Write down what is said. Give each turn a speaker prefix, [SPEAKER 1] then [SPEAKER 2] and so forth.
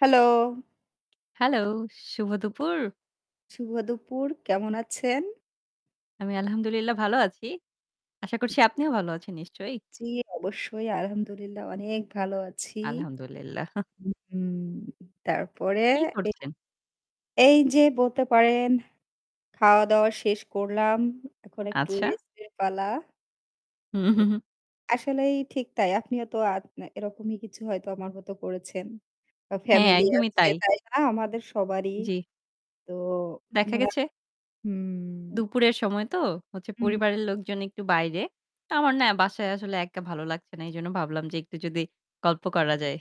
[SPEAKER 1] Hello!
[SPEAKER 2] Hello! শুভ দুপুর।
[SPEAKER 1] শুভ দুপুর কেমন আছেন?
[SPEAKER 2] আমি আলহামদুলিল্লাহ ভালো আছি। আশা করছি আপনিও ভালো আছেন নিশ্চয়ই?
[SPEAKER 1] জ্বি, অবশ্যই। আলহামদুলিল্লাহ অনেক ভালো আছি।
[SPEAKER 2] আলহামদুলিল্লাহ।
[SPEAKER 1] উহু, তারপরে
[SPEAKER 2] কি
[SPEAKER 1] এ
[SPEAKER 2] করছেন?
[SPEAKER 1] এই যে বলতে পারেন, খাওয়া-দাওয়া শেষ করলাম। এখন একটু
[SPEAKER 2] আচ্ছা।
[SPEAKER 1] রেস্ট এর পালা
[SPEAKER 2] হু,
[SPEAKER 1] তো
[SPEAKER 2] হু, হু।
[SPEAKER 1] আসলেই ঠিক তাই। আপনিও তো আত এরকমই কিছু হয়তো আমার মত করেছেন। বা
[SPEAKER 2] হ্যাঁ,
[SPEAKER 1] ফ্যামিলি
[SPEAKER 2] একদমই
[SPEAKER 1] আছে
[SPEAKER 2] তাই।
[SPEAKER 1] তাই না? আমাদের সবারই।
[SPEAKER 2] জ্বি।
[SPEAKER 1] তো
[SPEAKER 2] দেখা
[SPEAKER 1] মরা
[SPEAKER 2] গেছে
[SPEAKER 1] হুম।
[SPEAKER 2] দুপুরের সময় তো হচ্ছে
[SPEAKER 1] হুম।
[SPEAKER 2] পরিবারের লোকজন একটু বাইরে। তো আমার না বাসায় আসলে একা ভালো লাগছে না। এজন্য ভাবলাম যে একটু যদি গল্প করা যায়।